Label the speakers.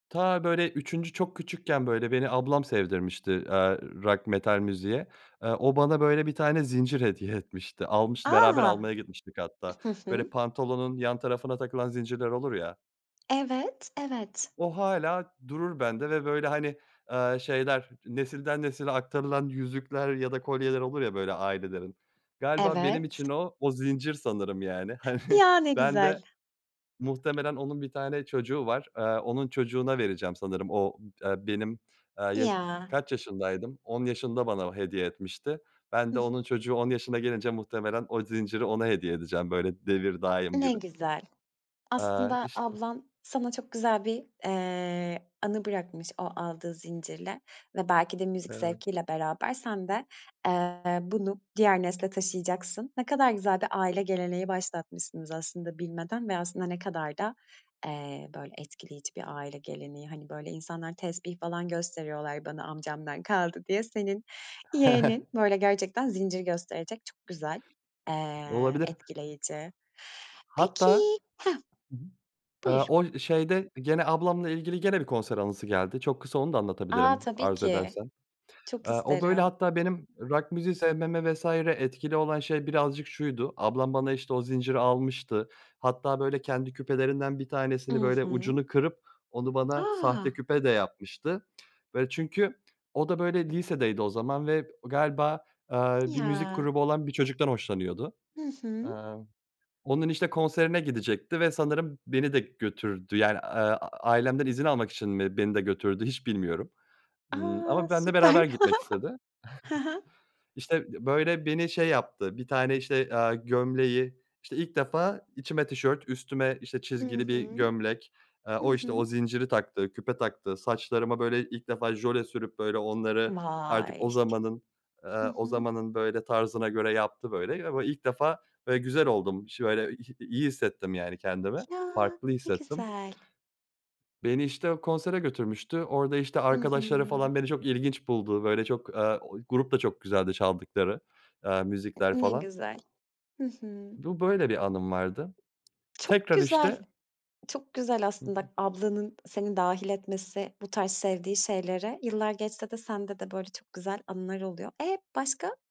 Speaker 1: Ta, böyle, üçüncü çok küçükken, böyle, beni, ablam sevdirmişti, aaa, rock, metal müziğe. Eee, o, bana, böyle, bir tane zincir hediye etmişti, almıştı beraber
Speaker 2: A!
Speaker 1: almaya gitmiştik hatta.
Speaker 2: Hı
Speaker 1: Böyle,
Speaker 2: hı.
Speaker 1: pantolonun yan tarafına takılan zincirler olur ya.
Speaker 2: Evet, evet.
Speaker 1: O, hâlâ durur bende ve böyle, hani, ııı, şeyler, nesilden nesile aktarılan yüzükler ya da kolyeler olur ya, böyle, ailelerin, galiba benim için
Speaker 2: Evet.
Speaker 1: o, o zincir sanırım, yani. Hani,
Speaker 2: Ya, ne
Speaker 1: ben de
Speaker 2: güzel.
Speaker 1: muhtemelen, onun 1 tane çocuğu var. Aaa, onun çocuğuna vereceğim sanırım. O d aaa, benim, aaa, yaş
Speaker 2: Ya.
Speaker 1: kaç yaşındaydım? 10 yaşında bana hediye etmişti. Ben de,
Speaker 2: Hıh.
Speaker 1: onun çocuğu 10 yaşına gelince, muhtemelen o zinciri, ona hediye edeceğim, böyle devir daim
Speaker 2: Ne
Speaker 1: gibi.
Speaker 2: güzel!
Speaker 1: Aaa,
Speaker 2: Aslında,
Speaker 1: işte
Speaker 2: ablan, sana çok güzel bir, eee, anı bırakmış, o aldığı zincirle, ve belki de müzik
Speaker 1: Evet.
Speaker 2: zevkiyle beraber, sen de, eee, bunu diğer nesile taşıyacaksın. Ne kadar güzel bir aile geleneği başlatmışsınız aslında bilmeden, ve aslında, ne kadar da, eee, böyle, etkileyici bir aile geleneği, hani, böyle, insanlar tespih falan gösteriyorlar bana, amcamdan kaldı diye. Senin yeğenin, böyle, gerçekten zincir gösterecek, çok güzel. Eee,
Speaker 1: Olabilir.
Speaker 2: etkileyici. Peki
Speaker 1: Hatta
Speaker 2: hah,
Speaker 1: hı hı. Aaa,
Speaker 2: buyur.
Speaker 1: o, şeyde gene ablamla ilgili, gene bir konser anısı geldi. Çok kısa, onu da
Speaker 2: A,
Speaker 1: anlatabilirim,
Speaker 2: tabii
Speaker 1: arzu
Speaker 2: ki.
Speaker 1: edersen.
Speaker 2: Çok
Speaker 1: Aaa, o, böyle,
Speaker 2: isterim.
Speaker 1: hatta, benim rock müziği sevmeme vs. etkili olan şey birazcık şuydu: Ablam, bana, işte, o zinciri almıştı, hatta böyle, kendi küpelerinden bir
Speaker 2: I
Speaker 1: tanesini, böyle,
Speaker 2: hı.
Speaker 1: ucunu kırıp, onu bana
Speaker 2: A!
Speaker 1: sahte küpe de yapmıştı. Böyle, çünkü o da, böyle, lisedeydi o zaman ve galiba, aaa, bir müzik
Speaker 2: Ya.
Speaker 1: grubu olan bir çocuktan hoşlanıyordu.
Speaker 2: Hı hı.
Speaker 1: Aaa, onun işte konserine gidecekti ve sanırım beni de götürdü, yani, aaa, ailemden izin almak için mi beni de götürdü, hiç bilmiyorum. Imm,
Speaker 2: A!
Speaker 1: ama benimle
Speaker 2: Süper.
Speaker 1: beraber gitmek istedi.
Speaker 2: Hı hı.
Speaker 1: İşte, b böyle, beni şey yaptı, bir tane, işte, aaa, gömleği, işte, ilk defa içime tişört, üstüme, işte,
Speaker 2: I
Speaker 1: çizgili bir
Speaker 2: hı.
Speaker 1: gömlek. Aaa,
Speaker 2: Hı
Speaker 1: o, işte, o
Speaker 2: hı.
Speaker 1: zinciri taktı, küpe taktı. Saçlarıma, böyle, ilk defa jöle sürüp, böyle onları, artık
Speaker 2: Vay!
Speaker 1: o zamanın,
Speaker 2: Hı
Speaker 1: aaa, o
Speaker 2: hı.
Speaker 1: zamanın böyle tarzına göre yaptı, böyle ve [unintelligible] ilk defa böyle, güzel oldum iş böyle iy iyi hissettim, yani, kendimi,
Speaker 2: Ya,
Speaker 1: farklı
Speaker 2: ne
Speaker 1: hissettim.
Speaker 2: güzel.
Speaker 1: Beni, işte, o konsere götürmüştü. Orada, işte,
Speaker 2: I
Speaker 1: arkadaşları
Speaker 2: hı.
Speaker 1: falan, beni çok ilginç buldu, böyle, çok, aaa, o grup da çok güzeldi çaldıkları, aaa, müzikler
Speaker 2: Ne
Speaker 1: falan.
Speaker 2: güzel. Hı hı.
Speaker 1: Bu, böyle bir anım vardı.
Speaker 2: Çok
Speaker 1: Tekrar,
Speaker 2: güzel.
Speaker 1: işte
Speaker 2: Çok güzel
Speaker 1: Hı
Speaker 2: aslında,
Speaker 1: hı.
Speaker 2: ablanın seni dâhil etmesi bu tarz sevdiği şeylere. Yıllar geçse de, sende de, böyle, çok güzel anılar oluyor. E, başka?